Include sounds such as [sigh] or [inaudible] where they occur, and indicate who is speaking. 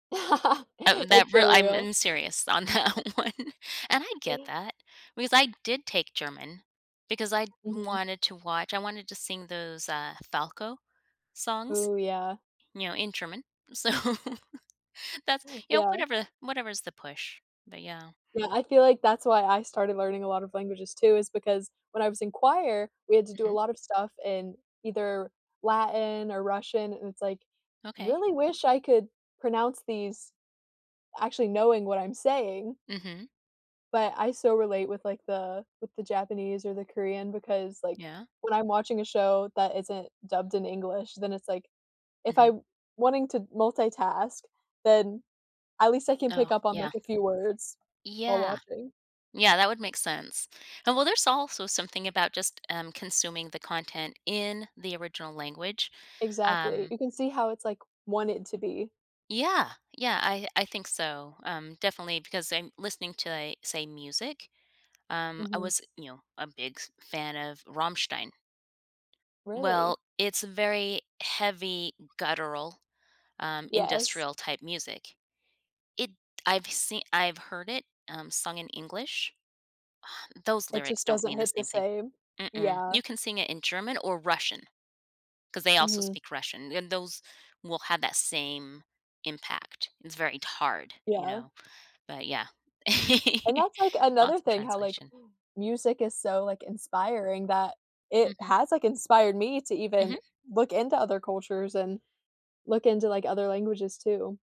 Speaker 1: [laughs]
Speaker 2: Of
Speaker 1: That's
Speaker 2: that
Speaker 1: so
Speaker 2: real I'm
Speaker 1: real.
Speaker 2: I'm serious on that one, and I get that because I did take German because I'd
Speaker 1: Mhm.
Speaker 2: wanted to watch, I wanted to sing those, uh, Falco songs,
Speaker 1: Ooh, yeah.
Speaker 2: you know, in German. So, that's you know,
Speaker 1: Yeah.
Speaker 2: whatever whatever's the push, but yeah.
Speaker 1: Yeah I feel like that's why I started learning a lot of languages too is because when I was in choir we had to do a
Speaker 2: Mhm.
Speaker 1: lot of stuff in either Latin or Russian and it's like,
Speaker 2: Okay.
Speaker 1: "Really wish I could pronounce these actually knowing what I'm saying."
Speaker 2: Mhm.
Speaker 1: But I still relate with like the with the Japanese or the Korean because like
Speaker 2: Yeah.
Speaker 1: when I'm watching a show that isn't dubbed in English, then it's like, if I
Speaker 2: Mhm.
Speaker 1: wanting to multitask, then at least I can
Speaker 2: Oh,
Speaker 1: pick up on
Speaker 2: yeah.
Speaker 1: like a few words while
Speaker 2: Yeah,
Speaker 1: watching.
Speaker 2: yeah that would make sense, and well, there's also something about just, um, consuming the content in the original language,
Speaker 1: Exactly,
Speaker 2: um
Speaker 1: you can see how it's like wanted to be.
Speaker 2: Yeah, yeah I I think so, um, definitely because I'm listening to, li say, music, um, I
Speaker 1: Mhm.
Speaker 2: was, you know, a big f fan of Rammstein.
Speaker 1: Really?
Speaker 2: Well, it's very heavy, guttural, um,
Speaker 1: Yes.
Speaker 2: industrial type music. It I've seen I've heard it, um, sung in English. Um, those
Speaker 1: It
Speaker 2: lyrics
Speaker 1: just
Speaker 2: don't
Speaker 1: doesn't
Speaker 2: mean the
Speaker 1: hit the
Speaker 2: same thing.
Speaker 1: same,
Speaker 2: Mm-mm,
Speaker 1: yeah.
Speaker 2: you can sing it in German or Russian, 'cause they also
Speaker 1: Mhm.
Speaker 2: speak Russian, and those will have that same impact, it's very d hard, you
Speaker 1: Yeah.
Speaker 2: know? But yeah, [laughs]
Speaker 1: And that's like another
Speaker 2: lots of
Speaker 1: thing how, like,
Speaker 2: translation.
Speaker 1: music is so, like, inspiring that it
Speaker 2: Mhm.
Speaker 1: has, like, inspired me to even
Speaker 2: Mhm.
Speaker 1: look into other cultures and look into, like, other languages too.